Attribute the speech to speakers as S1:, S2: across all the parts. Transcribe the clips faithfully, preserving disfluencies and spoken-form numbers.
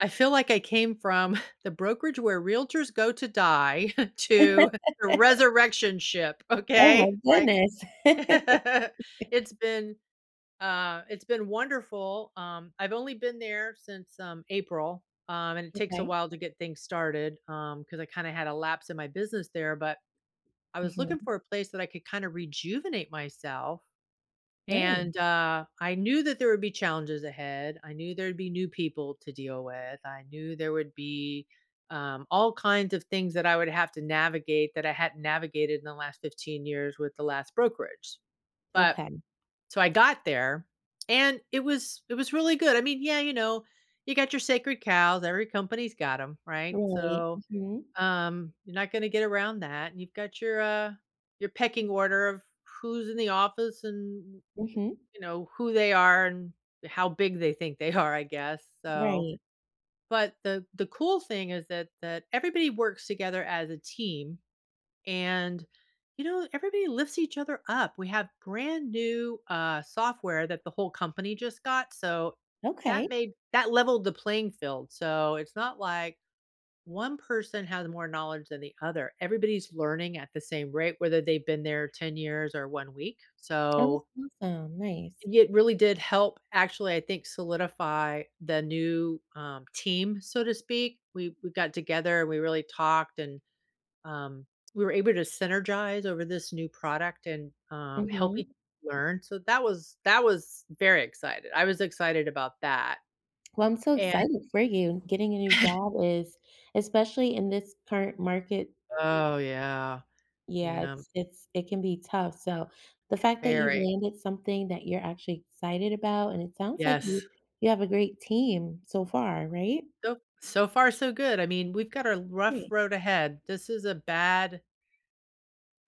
S1: I feel like I came from the brokerage where realtors go to die, to the resurrection ship, okay?
S2: Oh
S1: It's
S2: my
S1: like
S2: goodness.
S1: it's been, uh it's been wonderful, um I've only been there since, um, April, um, and it takes a
S2: Okay.
S1: while to get things started, um, 'cause I kinda had a lapse in my business there, but I was looking
S2: Mhm.
S1: for a place that I could kinda rejuvenate myself,
S2: Ni
S1: and, uh, I knew that there would be challenges ahead, I knew there'd be new people to deal with, I knew there would be, um, all kinds of things that I would have to navigate that I hadn't navigated in the last fifteen years with the last brokerage, but
S2: Okay.
S1: So I got there, and it was it was really good I mean, yeah, you know, you got your sacred cows, every company's got 'em, right?
S2: Right.
S1: So,
S2: Mhm.
S1: um, you're not gonna get around that, and you've got your, uh your pecking order of who's in the office, and, y
S2: Mhm.
S1: you know, who they are, and how big they think they are, I guess, so
S2: Right.
S1: but the the cool thing is that that everybody works together as a team, and, you know, everybody lifts each other up, we have grand new, uh, software that the whole company just got, so that
S2: Okay.
S1: made that leveled the playing field, so, it's not like one person has more knowledge than the other, everybody's learning at the same rate, whether they've been there ten years, or one week,
S2: That was
S1: so
S2: awesome, nice.
S1: i it really did help, actually, I think, solidify the new, um, team, so to speak. We we got together, we really talked, and, um, we were able to synergize over this new product and, um, help each
S2: Mhm.
S1: other learn, so, that was that was very excited. I was excited about that,
S2: Well, I'm so
S1: and
S2: excited for you. Getting a new job is especially in this current market
S1: Oh, yeah.
S2: Yeah,
S1: Yeah.
S2: it's it's it can be tough, so the fact that you've
S1: Very.
S2: landed something that you're actually excited about, and it sounds like you
S1: Yes.
S2: you have a great team so far, right?
S1: So so far, so good, I mean, we've got a rough
S2: Great.
S1: road ahead. This is a bad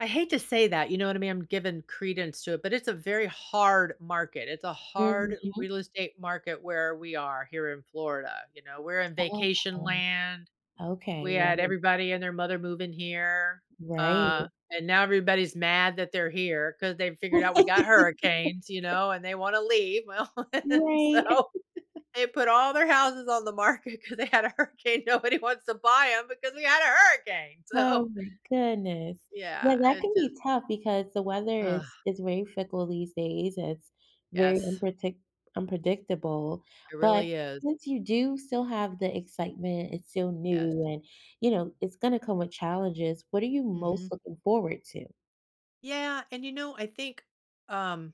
S1: I hate to say that, you know what I mean? I'm giving credence to it, but it's a very hard market, it's a hard
S2: Mhm.
S1: real estate market where we are, here in Florida, you know? We're in
S2: Well, that's
S1: vacation
S2: good.
S1: land,
S2: Okay
S1: we had
S2: [unintelligible]
S1: everybody and their mother moving here,
S2: Right.
S1: uh, and now everybody's mad that they're here, 'cause they've figured out we got hurricanes, you know, and they wanna leave, well and
S2: Right.
S1: so they put all their houses on the market 'cause they had a hurricane, nobody wants to buy 'em because we had a hurricane!
S2: Oh
S1: So
S2: my goodness.
S1: Yeah,
S2: Yeah, that
S1: it
S2: can
S1: just
S2: be tough, because the weather
S1: Ugh.
S2: is is very fickle these days, and it's very
S1: Yes.
S2: unpretic unpredictable,
S1: It
S2: but
S1: really is.
S2: since you do still have the excitement, it's still
S1: Yes.
S2: new, and you know, it's gonna come with challenges, what are you
S1: Mhm.
S2: most looking forward to?
S1: Yeah, and, you know, I think, um